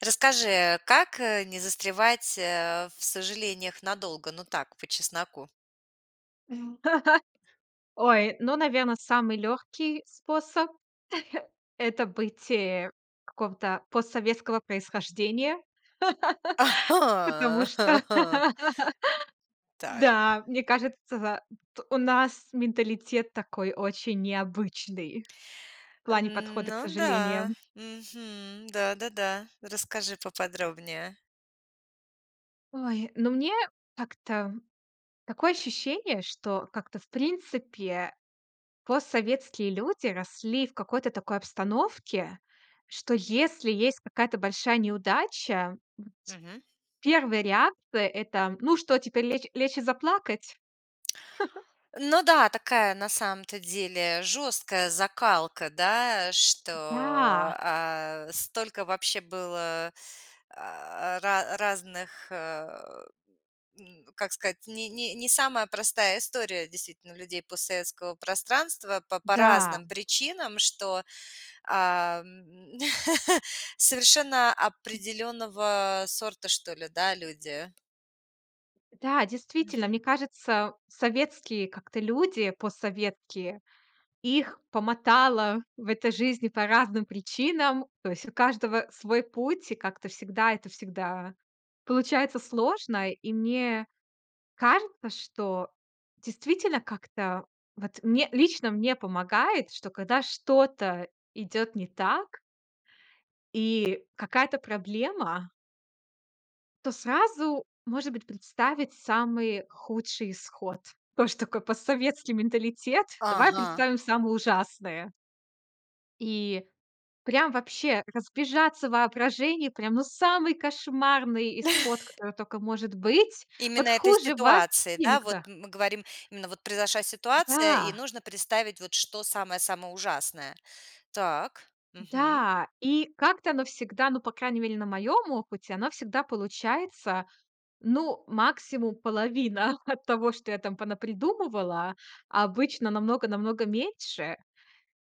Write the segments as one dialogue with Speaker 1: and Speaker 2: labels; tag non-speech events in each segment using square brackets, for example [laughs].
Speaker 1: Расскажи, как, э, не застревать, э, в сожалениях надолго, но так, по чесноку?
Speaker 2: [chuckles] Ой, ну, наверно, самый лёгкий способ- [chuckles] это бытие какого-то постсоветского происхождения. [laughs] Потому что,
Speaker 1: [laughs]
Speaker 2: [laughs]
Speaker 1: Так.
Speaker 2: да, мне кажется, т у нас менталитет такой очень необычный в плане подхода к
Speaker 1: Ну да.
Speaker 2: сожалениям.
Speaker 1: Мгм. Да-да-да. Расскажи поподробнее.
Speaker 2: Ой, ну, мне так-то такое ощущение, что как-то, в принципе, постсоветские люди росли в какой-то такой обстановке, что если есть какая-то большая неудача
Speaker 1: Мгм.
Speaker 2: 1 реакция это: "Ну что, теперь лечь лечь и заплакать?" [chuckles]
Speaker 1: Ну да, такая на самом-то деле жёсткая закалка, да, что,
Speaker 2: Да.
Speaker 1: а, столько вообще было, а, ра разных, э, м, как сказать, не не не самая простая история действительно у людей постсоветского пространства по по
Speaker 2: Да.
Speaker 1: разным причинам, что, а, м, [chuckles] совершенно определенного сорта, что ли, да, люди.
Speaker 2: Да, действительно,
Speaker 1: Мгм.
Speaker 2: мне кажется, советские как-то люди, постсоветские, их помотало в этой жизни по разным причинам. То есть у каждого свой путь, и как-то всегда это всегда получается сложно. И мне кажется, что действительно, как-то вот, мне лично мне помогает, что когда что-то идёт не так и какая-то проблема то сразу, может быть, представить самый худший исход. Тоже такой постсоветский менталитет. Давай
Speaker 1: Ага.
Speaker 2: представим самое ужасное. И прям вообще разбежаться в воображении, прям, ну, самый кошмарный исход,
Speaker 1: [chuckles]
Speaker 2: который тока может быть. Вот
Speaker 1: Именно этой
Speaker 2: хуже вообще
Speaker 1: ситуации, да? Вот
Speaker 2: никуда.
Speaker 1: мы говорим, именно, вот произошла ситуация, и
Speaker 2: Да.
Speaker 1: нужно представить вот что самое самое ужасное. Так, мгм.
Speaker 2: Да и как-то оно всегда, ну, по крайней мере, на моём опыте, оно всегда получается, ну, максимум, половина [chuckles] от того, что я там понапридумывала, а обычно намного намного меньше.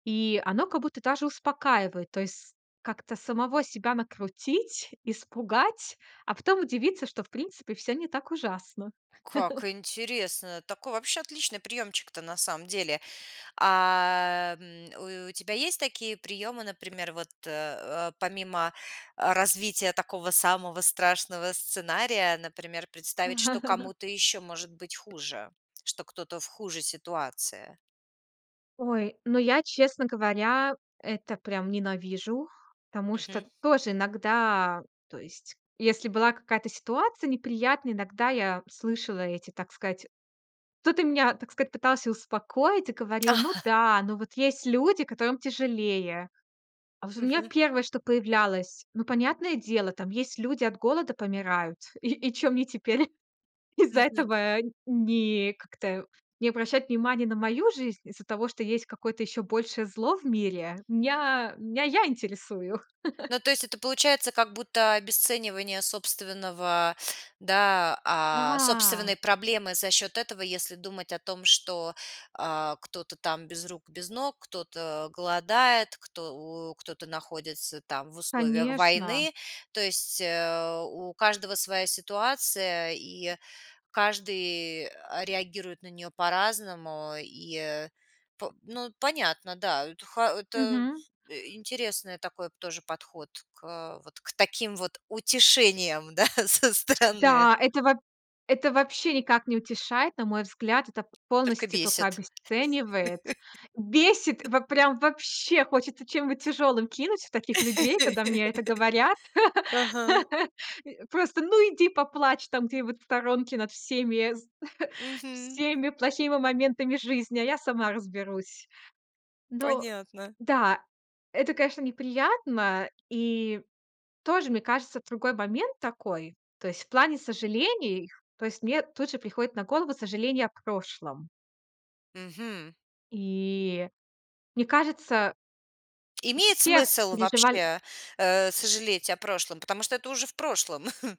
Speaker 2: И оно как будто даже успокаивает. То есть как-то самого себя накрутить, испугать, а потом удивиться, что, в принципе, всё не так ужасно.
Speaker 1: Как
Speaker 2: [chuckles]
Speaker 1: интересно. Такой вообще отличный приёмчик-то на самом деле. А, м, у у тебя есть такие приёмы, например, вот, э э, помимо, э, развития такого самого страшного сценария, например, представить, что
Speaker 2: [chuckles]
Speaker 1: кому-то ещё может быть хуже, что кто-то в хуже ситуации.
Speaker 2: Ой, ну, я, честно говоря, это прям ненавижу, потому
Speaker 1: Мгм.
Speaker 2: что тоже иногда, то есть, если была какая-то ситуация неприятная, иногда я слышала эти, так сказать, кто-то меня, так сказать, пытался успокоить и говорил: "Ну
Speaker 1: [chuckles]
Speaker 2: да, ну, вот есть люди, которым тяжелее". А вот у меня
Speaker 1: Мгм.
Speaker 2: 1, что появлялось: "Ну, понятное дело, там есть люди, от голода помирают. И и чё мне теперь из-за
Speaker 1: Мгм.
Speaker 2: этого не как-то не обращать внимания на мою жизнь? Из-за того, что есть какое-то ещё большее зло в мире?" Мня меня я интересую. [chuckles]
Speaker 1: Ну, то есть это получается как будто обесценивание собственного, да, а,
Speaker 2: Да.
Speaker 1: собственной проблемы за счёт этого, если думать о том, что, а, кто-то там без рук, без ног, кто-то голодает, кто у кто-то находится там в условиях
Speaker 2: Конечно.
Speaker 1: войны, то есть, э, у каждого своя ситуация, и каждый, а, реагирует на неё по-разному, и по ну, понятно, да, это хо это
Speaker 2: Мгм.
Speaker 1: интересный такой тоже подход к вот к таким вот утешениям, да, со стороны.
Speaker 2: Да, это во это вообще никак не утешает. На мой взгляд, это
Speaker 1: Только
Speaker 2: полностью тока
Speaker 1: бесит.
Speaker 2: обесценивает. Бесит,
Speaker 1: [laughs]
Speaker 2: вот прям вообще хочется чем-нибудь тяжёлым кинуть в таких людей, когда мне это говорят.
Speaker 1: [laughs] Ага.
Speaker 2: [laughs] Просто, ну, иди поплачь там где-нибудь в сторонке над всеми [chuckles]
Speaker 1: Мгм.
Speaker 2: всеми плохими моментами жизни, а я сама разберусь. Но
Speaker 1: Понятно.
Speaker 2: да, это, конечно, неприятно. И тоже, мне кажется, другой момент такой. То есть в плане сожалений, то есть мне тут же приходит на голову сожаление о прошлом.
Speaker 1: Мгм.
Speaker 2: И мне кажется
Speaker 1: Имеет
Speaker 2: все
Speaker 1: смысл
Speaker 2: переживаль
Speaker 1: вообще, э, сожалеть о прошлом, потому что это уже в прошлом?. [chuckles]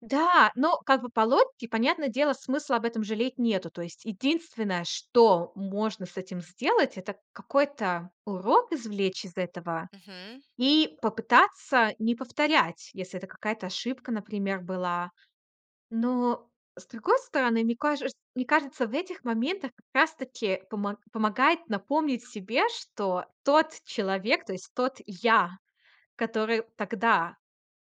Speaker 2: Да, но как бы по логике, понятное дело, смысла об этом жалеть нету. То есть единственное, что можно с этим сделать- это какой-то урок извлечь из этого
Speaker 1: Мгм.
Speaker 2: и попытаться не повторять, если это какая-то ошибка, например, была. Но, с другой стороны, мне каже чт мне кажется, в этих моментах как раз таки помо помогает напомнить себе, что тот человек, то есть тот я, который тогда,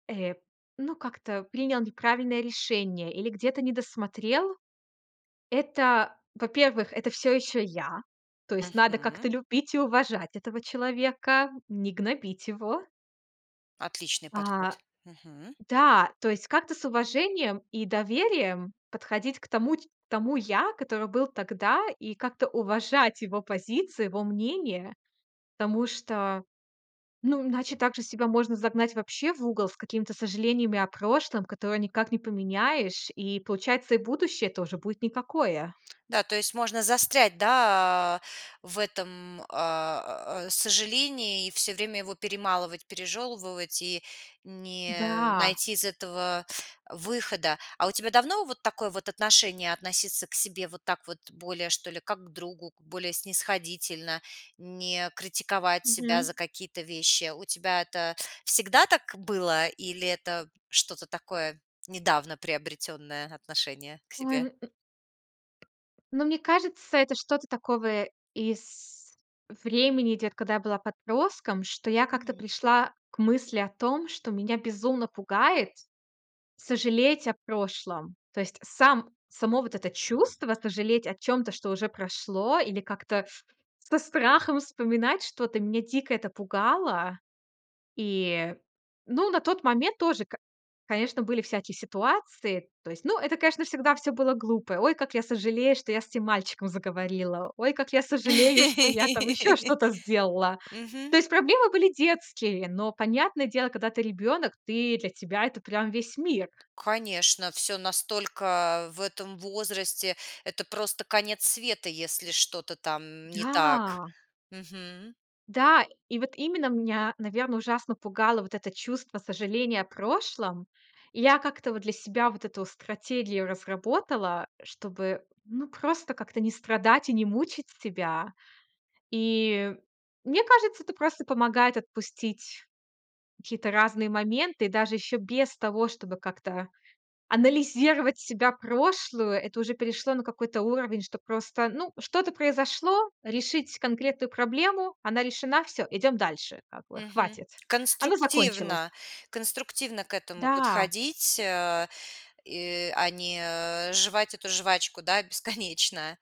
Speaker 2: э, ну, как-то принял неправильное решение или где-то недосмотрел,- это, во-первых, это всё ещё я. То есть надо
Speaker 1: Мгм.
Speaker 2: как-то любить и уважать этого человека, не гнобить его.
Speaker 1: Отличный подход.
Speaker 2: А.
Speaker 1: Мгм.
Speaker 2: Да, то есть как-то с уважением и доверием подходить к тому ть к тому я, который был тогда, и как-то уважать его позиции, его мнение. Потому что, ну, иначе так же себя можно загнать вообще в угол с какими-то сожалениями о прошлом, которые никак не поменяешь. И получается, и будущее тоже будет никакое.
Speaker 1: Да, то есть можно застрять, да, а, в этом, э, сожалении и всё время его перемалывать, пережёвывать и не
Speaker 2: Да.
Speaker 1: найти из этого выхода. А у тебя давно вот такое вот отношение- относиться к себе вот так вот более, что ли, как к другу, более снисходительно, не критиковать себя
Speaker 2: Мгм.
Speaker 1: за какие-то вещи? У тебя это всегда так было или это что-то такое недавно приобретённое отношение к
Speaker 2: Ой, м
Speaker 1: себе?
Speaker 2: Ну, мне кажется, это что-то такого из времени идёт, когда я была подростком, что я как-то
Speaker 1: Мгм.
Speaker 2: пришла к мысли о том, что меня безумно пугает сожалеть о прошлом. То есть сам само вот это чувство сожалеть о чём-то, что уже прошло, или как-то со страхом вспоминать что-то, мне дико это пугало. И, ну на тот момент тоже, к конечно, были всякие ситуации. То есть, ну это, конечно, всегда всё было глупо. "Ой, как я сожалею, что я с этим мальчиком заговорила. Ой, как я сожалею, что я там ещё
Speaker 1: [laughs]
Speaker 2: что-то сделала".
Speaker 1: Мгм.
Speaker 2: То есть, проблемы были детские. Но, понятное дело, когда ты ребёнок, ты для тебя это прям весь мир.
Speaker 1: Конечно, всё настолько в этом возрасте это просто конец света, если что-то там не так.
Speaker 2: Да!
Speaker 1: Мгм.
Speaker 2: Да, и вот именно меня, наверное, ужасно пугало вот это чувство сожаления о прошлом. И я как-то вот для себя вот эту стратегию разработала, чтобы, ну, просто как-то не страдать и не мучить себя. И мне кажется, это просто помогает отпустить какие-то разные моменты. Даже ещё без того, чтобы как-то анализировать себя прошлую. Это уже перешло на какой-то уровень, что просто ну что-то произошло, решить конкретную проблему, она решена- всё, идём дальше. Как бы,
Speaker 1: Мгм.
Speaker 2: хватит. Она закончилась.
Speaker 1: Конструктивно конструктивно к этому
Speaker 2: Да.
Speaker 1: подходить, а и, а, не э жевать эту жвачку, да, бесконечно.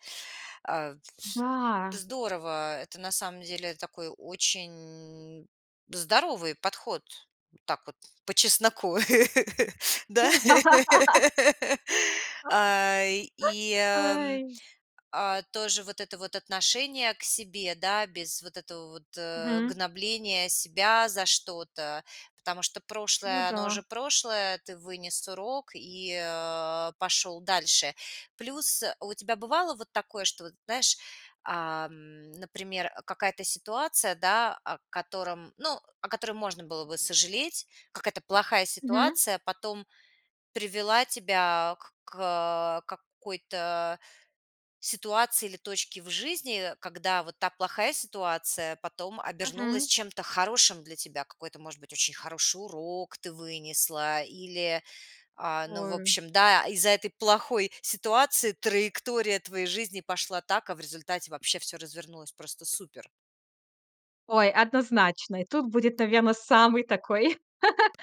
Speaker 1: А, вс
Speaker 2: Да.
Speaker 1: здорово. Это на самом деле такой очень здоровый подход, так вот, по-чесноку. [laughs] Да?
Speaker 2: [laughs]
Speaker 1: [laughs] А, и,
Speaker 2: [laughs]
Speaker 1: эм,
Speaker 2: Ай.
Speaker 1: а тоже вот это вот отношение к себе, да? Без вот этого вот, э,
Speaker 2: Мгм.
Speaker 1: гнобления себя за что-то, потому что
Speaker 2: Ну
Speaker 1: прошлое оно
Speaker 2: да.
Speaker 1: уже прошлое. Ты вынес урок и, э, пошел дальше. Плюс, э, а у тебя бывало вот такое, что вот знаешь, ам, например, э, какая-то ситуация да, о котором ну о которой можно было бы сожалеть. Какая-то плохая
Speaker 2: Мгм.
Speaker 1: ситуация потом привела тебя к к, э, какой-то ситуации или точке в жизни, когда вот та плохая ситуация потом обернулась
Speaker 2: Мгм.
Speaker 1: чем-то хорошим для тебя. Какой-то, может быть, очень хороший урок ты вынесла, или, а ну в
Speaker 2: Ой.
Speaker 1: общем, да из-за этой плохой ситуации траектория твоей жизни пошла так, а в результате вообще всё развернулось просто супер.
Speaker 2: Ой, однозначно! И тут будет, наверно, самый такой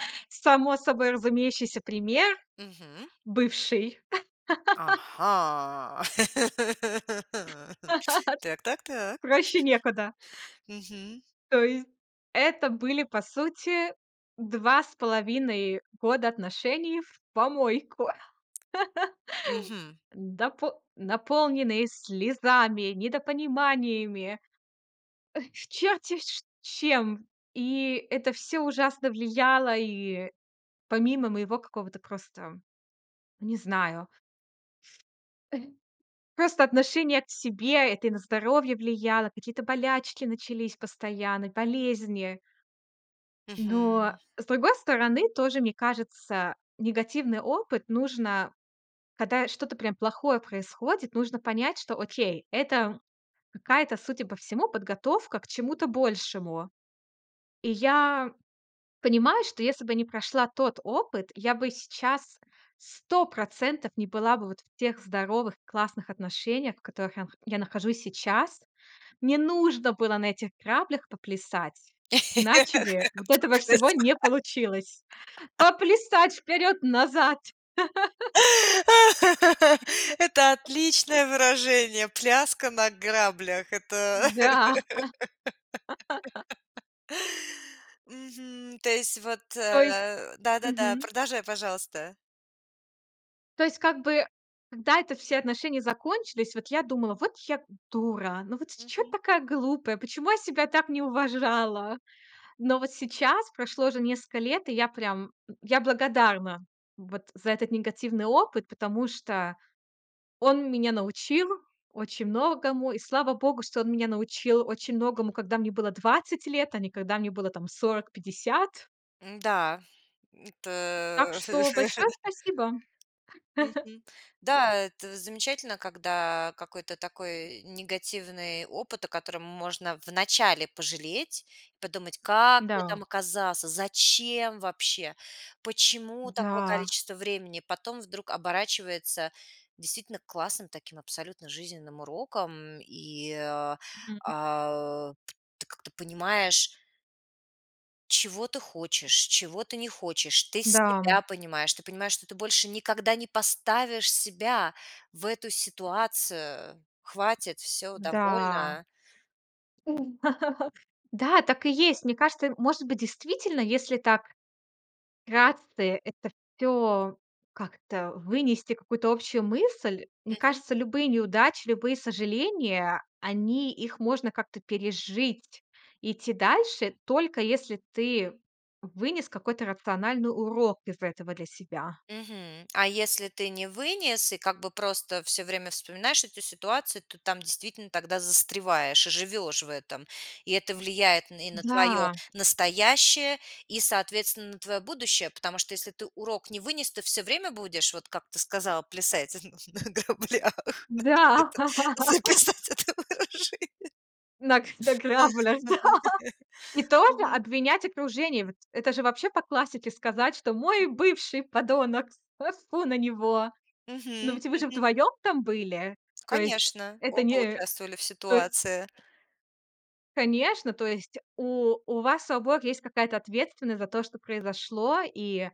Speaker 2: [chuckles] само собой разумеющийся пример-
Speaker 1: Мгм.
Speaker 2: бывший. [laughs]
Speaker 1: Ага! [laughs] Так так
Speaker 2: [laughs]
Speaker 1: так.
Speaker 2: Проще некуда.
Speaker 1: [giggles] Мгм.
Speaker 2: То есть, это были, по сути, 2 с половиной года отношений в помойку.
Speaker 1: Мгм.
Speaker 2: [laughs] Допо наполненные слезами, недопониманиями, э, чёрт те ш чем. И это всё ужасно влияло и помимо моего какого-то просто не знаю [chuckles] Просто отношение к себе. Это и на здоровье влияло. Какие-то болячки начались постоянно, болезни. Но,
Speaker 1: Мгм.
Speaker 2: с другой стороны, тоже, мне кажется, негативный опыт нужно когда что-то прям плохое происходит, нужно понять, что окей- это какая-то, судя по всему, подготовка к чему-то большему. И я понимаю, что если бы не прошла тот опыт, я бы сейчас 100 % не была бы вот в тех здоровых, классных отношениях, в которых я ах я нахожусь сейчас. Мне нужно было на этих граблях поплясать,
Speaker 1: Эх
Speaker 2: иначе бы вот этого всего
Speaker 1: потанцевать.
Speaker 2: не получилось. Поплясать вперёд, назад. [laughs]
Speaker 1: [laughs] Это отличное выражение "Пляска на граблях". Это
Speaker 2: Да. [laughs]
Speaker 1: [laughs] Мгм. То есть вот,
Speaker 2: То есть
Speaker 1: э да да да,
Speaker 2: мгм.
Speaker 1: продолжай, пожалуйста.
Speaker 2: То есть, как бы, да это все отношения закончились, вот я думала: "Вот я, м, дура, ну вот с чё ты
Speaker 1: Мгм.
Speaker 2: такая глупая, почему я себя так не уважала"? Но вот сейчас прошло уже несколько лет, и я прям, э, я благодарна вот за этот негативный опыт, потому что он меня научил очень многому. И слава богу, что он меня научил очень многому, когда мне было 20 лет, а не когда мне было там 40- 50.
Speaker 1: М-да, н т
Speaker 2: Так что большое
Speaker 1: [laughs]
Speaker 2: спасибо.
Speaker 1: Мгм.
Speaker 2: [laughs]
Speaker 1: Да. Это замечательно, когда какой-то такой негативный опыт, о котором можно вначале пожалеть и подумать: "Как я
Speaker 2: Да.
Speaker 1: там оказаться, зачем вообще, почему такое
Speaker 2: Да.
Speaker 1: количество времени?" Потом вдруг оборачивается действительно классным таким абсолютно жизненным уроком и, э,
Speaker 2: Мгм.
Speaker 1: э, ты как-то понимаешь Чего ты хочешь, чего ты не хочешь. Ты
Speaker 2: Да.
Speaker 1: себя понимаешь, ты понимаешь, что ты больше никогда не поставишь себя в эту ситуацию. Хватит, всё,
Speaker 2: Да.
Speaker 1: довольно.
Speaker 2: У. [chuckles] Да, так и есть. Мне кажется, э, может быть, действительно, если так вкратце, это всё как-то вынести какую-то общую мысль, мне
Speaker 1: Мгм.
Speaker 2: кажется, любые неудачи, любые сожаления- они их можно как-то пережить, идти дальше, только если ты вынес какой-то рациональный урок из этого для себя.
Speaker 1: Мгм. А если ты не вынес и как бы просто всё время вспоминаешь эту ситуацию, то там действительно тогда застреваешь и живешь в этом. И это влияет н и на твое
Speaker 2: Да.
Speaker 1: настоящее и, соответственно, на твое будущее, потому что если ты урок не вынес, ты всё время будешь, вот как ты сказал, плясать на граблях. Надо
Speaker 2: Да.
Speaker 1: где-то
Speaker 2: [laughs]
Speaker 1: записать это выражение.
Speaker 2: Нак
Speaker 1: Ах,
Speaker 2: наклябалясь, да.
Speaker 1: ага.
Speaker 2: И тоже
Speaker 1: Мгм.
Speaker 2: обвинять окружение. Вот это же, вообще, по классике сказать, что: Мой
Speaker 1: Мгм.
Speaker 2: бывший- подонок, тьфу-тьфу на него!" Но
Speaker 1: Мгм,
Speaker 2: ведь вы же
Speaker 1: мгм.
Speaker 2: вдвоём там были. То есть,
Speaker 1: Конечно,
Speaker 2: это
Speaker 1: оба
Speaker 2: не,
Speaker 1: участвовали в
Speaker 2: то е
Speaker 1: ситуации.
Speaker 2: Конечно, то есть у у вас, у обоих есть какая-то ответственность за то, что произошло. И,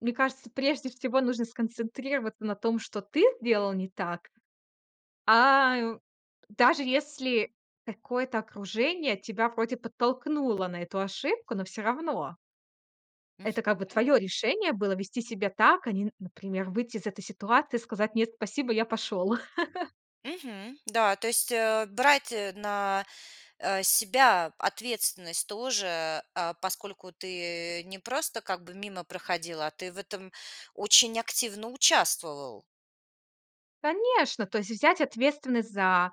Speaker 2: мне кажется, прежде всего нужно сконцентрироваться на том, что ты сделал не так. А, ю даже если какое-то окружение тебя вроде подтолкнуло на эту ошибку, но всё равно это как бы
Speaker 1: Мгм.
Speaker 2: твое решение было- вести себя так, а не, н например, выйти из этой ситуации и сказать: "Нет, спасибо, я пошел". [chuckles]
Speaker 1: Мгм. Да, то есть, э, брать, э, на, э, себя ответственность тоже, а поскольку ты не просто как бы мимо проходил, а ты в этом очень активно участвовал.
Speaker 2: Конечно, то есть взять ответственность за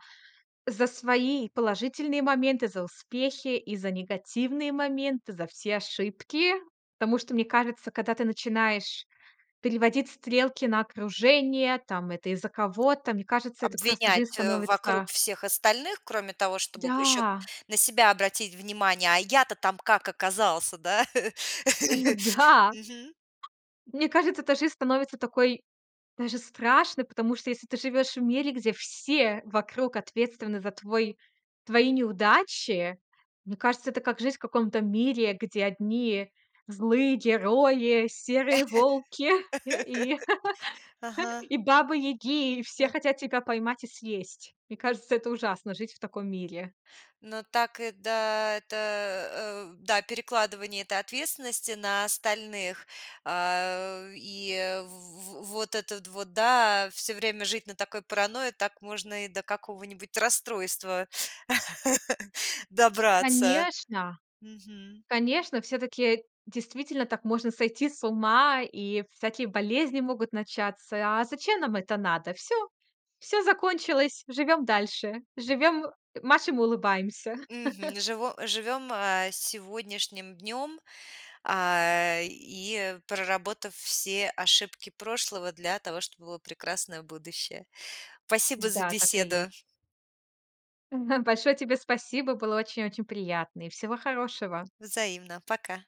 Speaker 2: за свои положительные моменты, за успехи и за негативные моменты, за все ошибки. Потому что, мне кажется, когда ты начинаешь переводить стрелки на окружение, там: это из-за кого-то,- мне кажется, это просто жизнь
Speaker 1: Обвинять, э, вокруг
Speaker 2: становится
Speaker 1: всех остальных, кроме того, чтобы ещё
Speaker 2: Да.
Speaker 1: на себя обратить внимание. "А я-то там как оказался?"- да?
Speaker 2: Ой, вот,
Speaker 1: [laughs]
Speaker 2: да.
Speaker 1: Мгм.
Speaker 2: Мне кажется, то жизнь становится такой даже страшной, потому что если ты живёшь в мире, где все вокруг ответственны за твой твои неудачи, мне кажется, это как жизнь в каком-то мире, где одни злые герои, серые волки [chuckles] и
Speaker 1: [laughs]
Speaker 2: [laughs]
Speaker 1: Ага.
Speaker 2: и бабы-яги, и
Speaker 1: А.
Speaker 2: все хотят тебя поймать и съесть. Мне кажется, это ужасно жить в таком мире.
Speaker 1: Ну так и, да- это, э Да, перекладывание этой ответственности на остальных, а, э, и в в вот этот вот, да, всё время жить на такой паранойе, так можно и до какого-нибудь расстройства [chuckles] добраться.
Speaker 2: Конечно.
Speaker 1: Мгм.
Speaker 2: Конечно. Всё-таки, действительно, так можно сойти с ума, и всякие болезни могут начаться. А зачем нам это надо? Всё. Всё закончилось, живем дальше, живем, "машем и улыбаемся".
Speaker 1: Мгм. Живо живем, э, сегодняшним днем, э, и проработав все ошибки прошлого для того, чтобы было прекрасное будущее. Спасибо за
Speaker 2: Да. Так и есть.
Speaker 1: беседу!
Speaker 2: [chuckles] Большое тебе спасибо. Было очень очень приятно. И всего хорошего.
Speaker 1: Взаимно. Пока.